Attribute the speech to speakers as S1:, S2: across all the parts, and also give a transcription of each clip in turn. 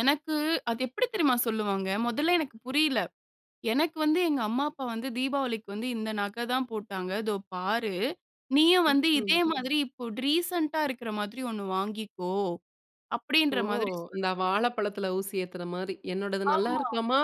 S1: எனக்கு, அது எப்படி தெரியுமா சொல்லுவாங்க? முதல்ல எனக்கு புரியல. "எனக்கு வந்து, எங்க அம்மா அப்பா வந்து, தீபாவளிக்கு வந்து இந்த நகை தான் போட்டாங்க. இதோ பாரு! நீயும் வந்து
S2: ம்ஹ்ம்.
S1: இதே மாதிரி இப்போ ரீசென்ட்டா இருக்கிற மாதிரி ஒண்ணு வாங்கிக்கோ"
S2: ஓ!
S1: அப்படின்ற மாதிரி
S2: இந்த
S1: சொல்லுவாங்க.
S2: வாழைப்பழத்துல ஊசி ஏத்துற மாரி. என்னோடது நல்லா
S1: ஆமா.
S2: இருக்காமா?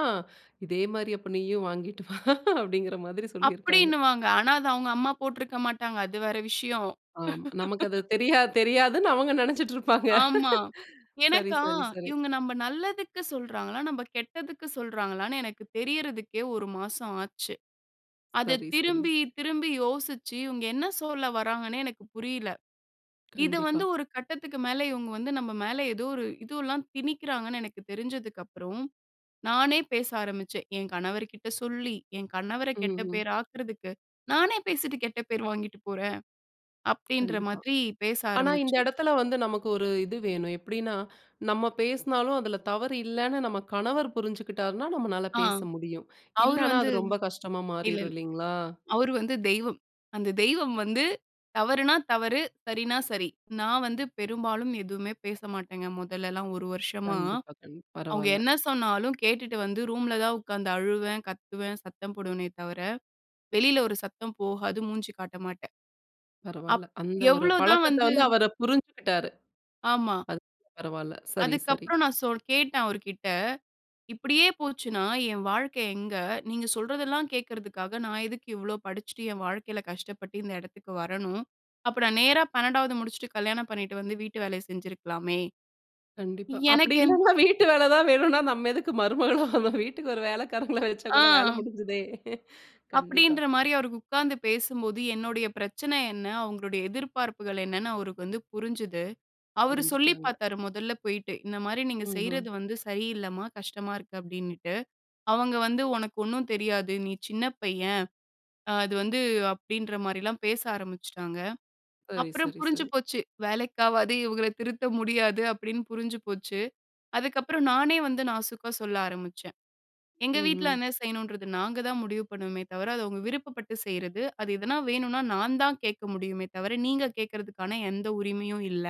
S2: இதே மாரி அப்போ நீயும் வாங்கிட்டு வா அப்படிங்கிற மாதிரி சொல்லியிருக்காங்க.
S1: அப்படின்னுவாங்க. ஆனா அது அவுங்க அம்மா போட்ருக்க மாட்டாங்க. அது வேற விஷயம்.
S2: ஆமா. நமக்கு அது தெரியாது தெரியாதுன்னு அவங்க நெனைச்சிட்ருப்பாங்க.
S1: ஆமா.
S2: சரி
S1: எனக்கா,
S2: சரி சரி.
S1: இவுங்க நம்ம நல்லதுக்கு சொல்றாங்களா? நம்ம கெட்டதுக்கு சொல்றாங்களான்னே, எனக்கு தெரியறதுக்கே, ஒரு மாசம் ஆச்சு. அதை
S2: சரி சரி
S1: திரும்பி,
S2: சரி.
S1: திரும்பி யோசிச்சு, இவுங்க என்ன சொல்ல வராங்கன்னே எனக்கு புரியல. இது
S2: கண்டிப்பா.
S1: வந்து ஒரு கட்டத்துக்கு மேல இவுங்க வந்து நம்ம மேல ஏதோ ஒரு இது எல்லாம் திணிக்கிறாங்கன்னு எனக்கு தெரிஞ்சதுக்கப்பறம், நானே பேச ஆரம்பிச்சேன். என் கணவர் கிட்ட சொல்லி, என் கணவர
S2: ம்,
S1: கெட்ட
S2: ம்.
S1: பேராக்குறதுக்கு, நானே பேசிட்டு கெட்ட பேர் வாங்கிட்டு போறேன், அப்படின்ற
S2: கண்டிப்பா.
S1: மாதிரி பேச
S2: ஆனா, இந்த
S1: ஆரம்பிச்சேன்.
S2: எடத்தில வந்து நமக்கு ஒரு இது வேணும். எப்படின்னா, நம்ம பேசினாலும் அதுல தவறு இல்லைன்னு, நம்ம கணவர் புரிஞ்சுகிட்டார்னா நம்மளால
S1: ஆ.
S2: பேச முடியும்.
S1: அவரு
S2: இல்லைனா
S1: வந்து
S2: அது ரொம்ப கஷ்டமா
S1: இல்ல,
S2: மாறிரும்
S1: இல்ல.
S2: இல்லைங்களா?
S1: அவரு வந்து தெய்வம். அந்த தெய்வம் வந்து தவறுனா, தவறு. சரின்னா சரி. நான் வந்து பெரும்பாலும் எதுவுமே பேச மாட்டேங்க, முதல்லலாம் ஒரு வருஷமா.
S2: கண்டிப்பா, கண்
S1: அவுங்க
S2: பரவாயில்ல.
S1: என்ன சொன்னாலும், கேட்டுட்டு வந்து ரூம்ல தான் உக்காந்து அழுவேன், கத்துவேன், சத்தம் போடுவேனே தவர, வெளியில ஒரு சத்தம் போகாது. மூஞ்சி காட்ட மாட்டேன்.
S2: பரவால்ல.
S1: அப்
S2: அந்த ஒரு
S1: எவ்வளவு தான்
S2: பழக்கத்தை
S1: வந்து
S2: வந்து, அவரு புரிஞ்சுகிட்டாரு.
S1: ஆமா.
S2: அது பரவால்ல சரி,
S1: அதுக்கு
S2: சரி.
S1: அப்புறம் நான் சொல் கேட்டே ன் அவர்கிட்ட, இப்டியே போச்சுன்னா, என் வாழ்க்கை எங்க? நீங்க சொல்றதெல்லாம் கேக்கறதுக்காக, நான் எதுக்கு இவ்வளோ படிச்சிட்டு, என் வாழ்க்கையில கஷ்டப்பட்டு இந்த எடத்துக்கு வரணும்? அப்ப நான் நேரா 12வது முடிச்சுட்டு, கல்யாணம் பண்ணிட்டு வந்து வீட்டு வேலைய செஞ்சிருக்கலாமே.
S2: கண்டிப்பா, அப்படி
S1: எனக்கு என்
S2: இல்லைன்னா, வீட்டு வேலை தான் வேணும்ன்னா, நம்ம எதுக்கு மருமகளா, நம்ம வீட்டுக்கு ஒரு வேலைக்காரங்களை வச்சா கூட வேலை
S1: ஆ,
S2: முடிஞ்சுதே! கண்டிப்பா.
S1: அப்படின்ற மாரி அவருக்கு உக்காந்து பேசும்போது, என்னுடைய பிரச்சனை என்ன? அவுங்களுடைய எதிர்பார்ப்புகள் என்னென்னு, அவருக்கு வந்து புரிஞ்சது. அவரு சொல்லி
S2: புரிஞ்சுட்டாங்க.
S1: பாத்தாரு மொதல்ல போயிட்டு. "இந்த மாரி நீங்க
S2: ம்ஹ்ம்.
S1: செய்றது வந்து சரியில்லம்மா. கஷ்டமா இருக்கு." அப்டின்னுட்டு. அவங்க வந்து "உனக்கு ஒண்ணும் தெரியாது. நீ சின்ன பையன்". அது வந்து அப்படின்ற மாரிலாம் பேச ஆரம்பிச்சுட்டாங்க.
S2: சரி
S1: அப்புறம்
S2: சரி
S1: புரிஞ்சு
S2: சரி.
S1: போச்சு. "வேலைக்காவாது, இவுங்கள திருத்த முடியாது" அப்படின்னு புரிஞ்சு போச்சு. அதுக்கப்புறம் நானே வந்து நாசுக்கா சொல்ல ஆரம்பிச்சேன். "எங்க வீட்ல
S2: ம்ஹ்ம்.
S1: என்ன செய்யணுன்றது நாங்க தான் முடிவு பண்ணுவோமே தவிர, அது அவங்க விருப்பப்பட்டு செய்றது. அது எதனா வேணுன்னா, நான் தான் கேட்க முடியுமே தவர, நீங்க கேக்கறதுக்கான எந்த உரிமையும் இல்ல."